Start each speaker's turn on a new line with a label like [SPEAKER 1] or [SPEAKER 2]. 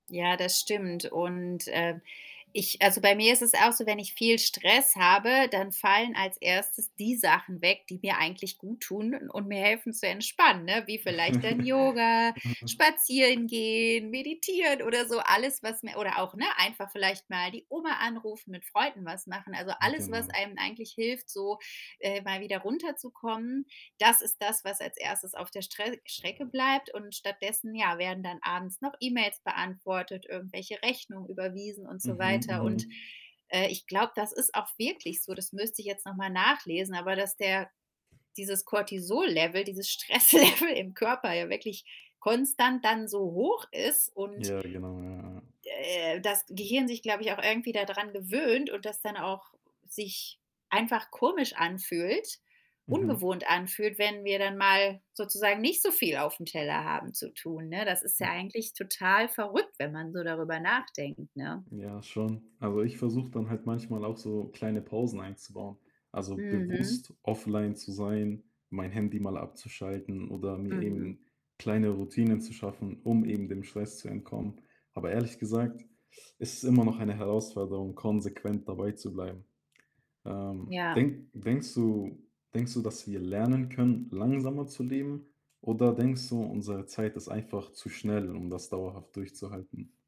[SPEAKER 1] Ja, das stimmt und, ähm, ich also bei mir ist es auch so, wenn ich viel Stress habe, dann fallen als 1. die Sachen weg, die mir eigentlich guttun und mir helfen zu entspannen, ne, wie vielleicht dann
[SPEAKER 2] Mhm.
[SPEAKER 1] Yoga, Spazierengehen, Meditieren oder so. Alles, was mir oder auch, ne, einfach vielleicht mal die Oma anrufen, mit Freunden was machen. Also, alles, was
[SPEAKER 2] Genau.
[SPEAKER 1] einem eigentlich hilft, so, äh, mal wieder runterzukommen, das ist das, was als 1. auf der Strä Strecke bleibt und stattdessen, ja, werden dann abends noch E-Mails beantwortet, irgendwelche Rechnungen überwiesen und so
[SPEAKER 2] Mhm,
[SPEAKER 1] weiter und,
[SPEAKER 2] mhm.
[SPEAKER 1] äh, ich glaube, das ist auch wirklich so, das müsste ich jetzt noch mal nachlesen, aber dass der dieses Cortisollevel, dieses Stresslevel im Körper ja wirklich konstant dann so hoch ist und
[SPEAKER 2] Ja, genau. Ja, ja.
[SPEAKER 1] äh, das Gehirn sich, glaube ich, auch irgendwie dadran gewöhnt und das dann auch sich einfach komisch anfühlt,
[SPEAKER 2] Mhm.
[SPEAKER 1] ungewohnt anfühlt, wenn wir dann mal sozusagen nicht so viel aufm Teller haben zu tun, ne? Das ist ja
[SPEAKER 2] Hm.
[SPEAKER 1] eigentlich total verrückt, wenn man so darüber nachdenkt, ne?
[SPEAKER 2] Ja schon. Also, ich versuche dann halt manchmal auch so kleine Pausen einzubauen. Also,
[SPEAKER 1] Mhm.
[SPEAKER 2] bewusst offline zu sein, mein Handy mal abzuschalten oder mir
[SPEAKER 1] Mhm.
[SPEAKER 2] eben kleine Routinen zu schaffen, um eben dem Stress zu entkommen. Aber ehrlich gesagt, ist es immer noch eine Herausforderung, konsequent dabeizubleiben. Ähm,
[SPEAKER 1] Ja.
[SPEAKER 2] denk denkst du denkst du, dass wir lernen können, langsamer zu leben oder denkst du, unsere Zeit ist einfach zu schnell, um das dauerhaft durchzuhalten?